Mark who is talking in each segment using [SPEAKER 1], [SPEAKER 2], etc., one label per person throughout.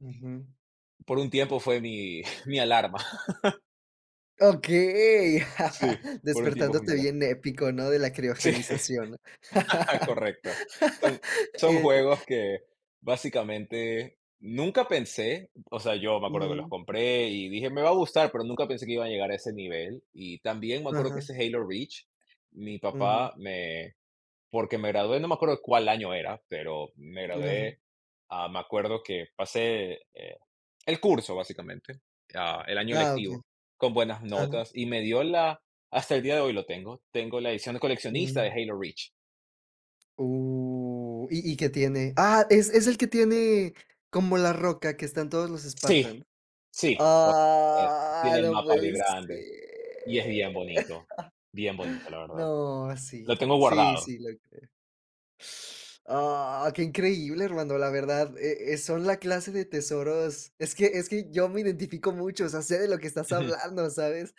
[SPEAKER 1] Ujú.
[SPEAKER 2] Por un tiempo fue mi mi alarma.
[SPEAKER 1] Okey.
[SPEAKER 2] Sí, por un tiempo fue mi
[SPEAKER 1] Despertándote
[SPEAKER 2] alarma.
[SPEAKER 1] bien épico, ¿no? De la
[SPEAKER 2] Sí,
[SPEAKER 1] criogenización.
[SPEAKER 2] correcto. Son son
[SPEAKER 1] Eh.
[SPEAKER 2] juegos que, básicamente, nunca pensé o sea, yo me acuerdo que los
[SPEAKER 1] Ujú.
[SPEAKER 2] compré, y dije: "Me va a gustar", pero nunca pensé que iba a llegar a ese nivel. Y también me acuerdo que
[SPEAKER 1] Ajá.
[SPEAKER 2] ese Halo Reach, mi
[SPEAKER 1] Ujú.
[SPEAKER 2] papá me porque me gradué, no me acuerdo cuál año era, pero me
[SPEAKER 1] Mm, ajá.
[SPEAKER 2] gradué, ah, me acuerdo que pasé, eh, el curso, básicamente, ah, el año
[SPEAKER 1] Ah, okey.
[SPEAKER 2] lectivo, con buenas
[SPEAKER 1] Ajá.
[SPEAKER 2] notas, y me dio la hasta el día de hoy lo tengo, tengo la edición de coleccionista de
[SPEAKER 1] Um.
[SPEAKER 2] Halo Reach.
[SPEAKER 1] Uh. ¿Y y qué tiene? Ah, es es el que tiene como la roca que están todos los
[SPEAKER 2] Sí,
[SPEAKER 1] Spartan.
[SPEAKER 2] sí, uh, eh,
[SPEAKER 1] Ah,
[SPEAKER 2] tiene el
[SPEAKER 1] no
[SPEAKER 2] mapa
[SPEAKER 1] puede
[SPEAKER 2] bien
[SPEAKER 1] ser.
[SPEAKER 2] grande y es bien bonito, bien bonito, la verdad.
[SPEAKER 1] No,
[SPEAKER 2] Lo
[SPEAKER 1] sí,
[SPEAKER 2] tengo
[SPEAKER 1] sí,
[SPEAKER 2] guardado.
[SPEAKER 1] sí lo creo. Sh ah, qué increíble, hermano, la verdad, eh eh, son la clase de tesoros Es que es que yo me identifico mucho, o sea, sé de lo que estás
[SPEAKER 2] Ujú.
[SPEAKER 1] hablando, ¿sabes?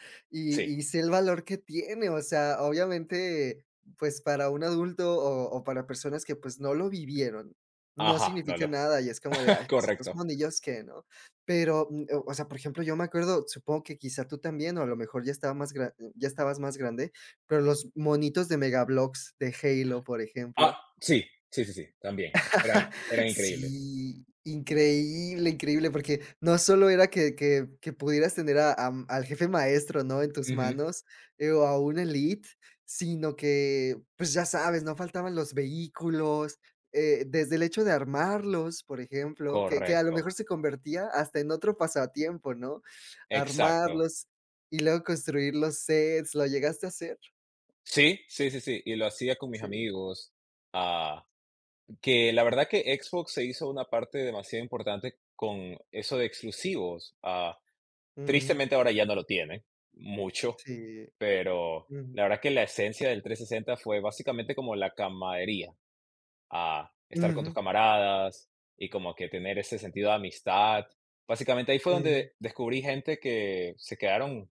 [SPEAKER 2] Sí.
[SPEAKER 1] Y y sé el valor que tiene, o sea, obviamente, pues, para un adulto, o o para personas que, pues, no lo vivieron, no
[SPEAKER 2] Ajá, no
[SPEAKER 1] significa
[SPEAKER 2] lo,
[SPEAKER 1] nada, y es como de: "Ay, estos
[SPEAKER 2] correcto.
[SPEAKER 1] monillos, ¿qué?", ¿no? Pero, um, ah, o sea, por ejemplo, yo me acuerdo, supongo que, quizá, tú también, o a lo mejor ya estaba más gra ya estabas más grande, pero los monitos de Mega Bloks de Halo, por
[SPEAKER 2] Ah,
[SPEAKER 1] ejemplo.
[SPEAKER 2] sí, sí, sí, sí, también, eran eran increíbles.
[SPEAKER 1] Sí, increíble, increíble, porque no solo era que que que pudieras tener, a am, al jefe maestro, ¿no? En tus
[SPEAKER 2] Ujú.
[SPEAKER 1] manos, eh, o a un elite, sino que, pues, ya sabes, no faltaban los vehículos, eh, desde el hecho de armarlos, por ejemplo, que que a lo
[SPEAKER 2] Correcto.
[SPEAKER 1] mejor se convertía hasta en otro pasatiempo, ¿no?
[SPEAKER 2] Exacto.
[SPEAKER 1] Armarlos y luego construir los sets, ¿lo llegaste a hacer?
[SPEAKER 2] Sí, sí, sí, sí, y lo hacía con mis
[SPEAKER 1] Sí.
[SPEAKER 2] amigos, ah, que la verdad que Xbox se hizo una parte demasiado importante con eso de exclusivos. Ah,
[SPEAKER 1] Ujú.
[SPEAKER 2] tristemente, ahora ya no lo tiene, mucho,
[SPEAKER 1] Sí.
[SPEAKER 2] pero
[SPEAKER 1] Ujú.
[SPEAKER 2] la verdad que la esencia del 360 fue básicamente como la camaradería, ah, estar con tus
[SPEAKER 1] Ujú.
[SPEAKER 2] camaradas y como que tener ese sentido de amistad. Básicamente, ahí fue
[SPEAKER 1] Ujú.
[SPEAKER 2] donde descubrí gente que se quedaron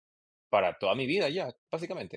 [SPEAKER 2] para toda mi vida ya, básicamente.